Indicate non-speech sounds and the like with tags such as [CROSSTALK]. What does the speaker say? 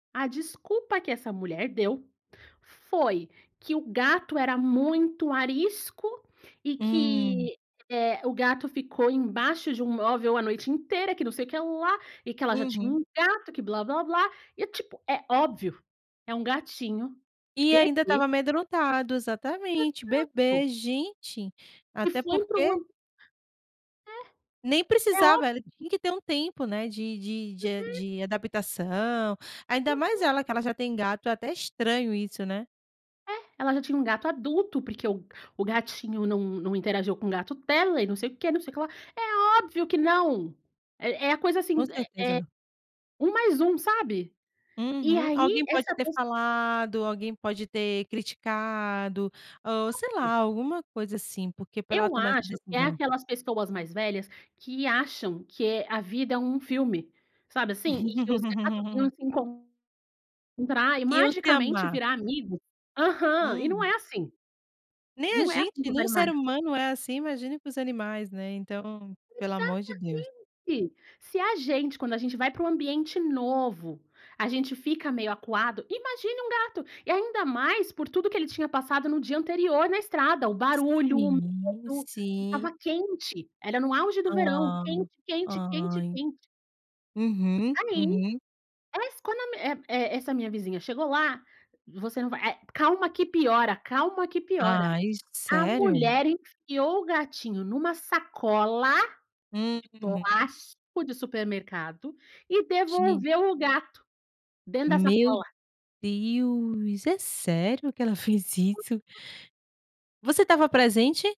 A desculpa que essa mulher deu, foi que o gato era muito arisco, e Hum. que, eh, o gato ficou embaixo de um móvel a noite inteira, que não sei o que lá, e que ela já tinha Uhum. um gato, que blá-blá-blá, e tipo, é óbvio, é um gatinho E ainda estava bebê. amedrontado, exatamente, Exato. bebê, gente. E Até foi porque [UNINTELLIGIBLE] Nem É. É ób precisava, ele tinha que ter um tempo, né, de de de a Uhum. de adaptação, ainda mais Uhum. ela, que ela já tem gato, é até estranho isso, né. É, ela já tinha um gato adulto, porque o o gatinho não não interagiu com o gato dela, e não sei o quê, não sei o que lá. É óbvio que não. É é a coisa Com assim, certeza eh eh, não. 1 mais 1, sabe. E Uhum. aí, Alguém pode essa ter pes falado, alguém pode ter criticado, ou sei [UNINTELLIGIBLE] lá, alguma coisa assim, porque pra ela Eu tomar essa acho que é decisão. aquelas pessoas mais velhas, que acham que a vida é um filme, sabe assim. E que os gatos iam [LAUGHS] se encontrar e Iam se magicamente amar. virar amigo. Aham, e não Hum. é assim. Nem a Não é gente, assim com os nem o ser animais. humano é assim, imagine com os animais, né, então pelo amor de Deus. Exatamente. Se a gente, quando a gente vai pra um ambiente novo, a gente fica meio acuado, imagine um gato. E ainda mais por tudo que ele tinha passado no dia anterior, na estrada, o barulho, o Sim, medo. sim. Estava quente, era no auge do verão, Hã. quente, quente, quente, Ai. quente. Uhum, Aí, uhum. essa e e essa minha vizinha chegou lá, você não vai eh, "calma que piora, calma que piora". Ai, A sério? mulher enfiou o gatinho numa sacola Hum, de uhum. plástico de supermercado, e Gen devolveu o gato, dentro da Meu sacola. Deus, é sério que ela fez isso? Você estava presente?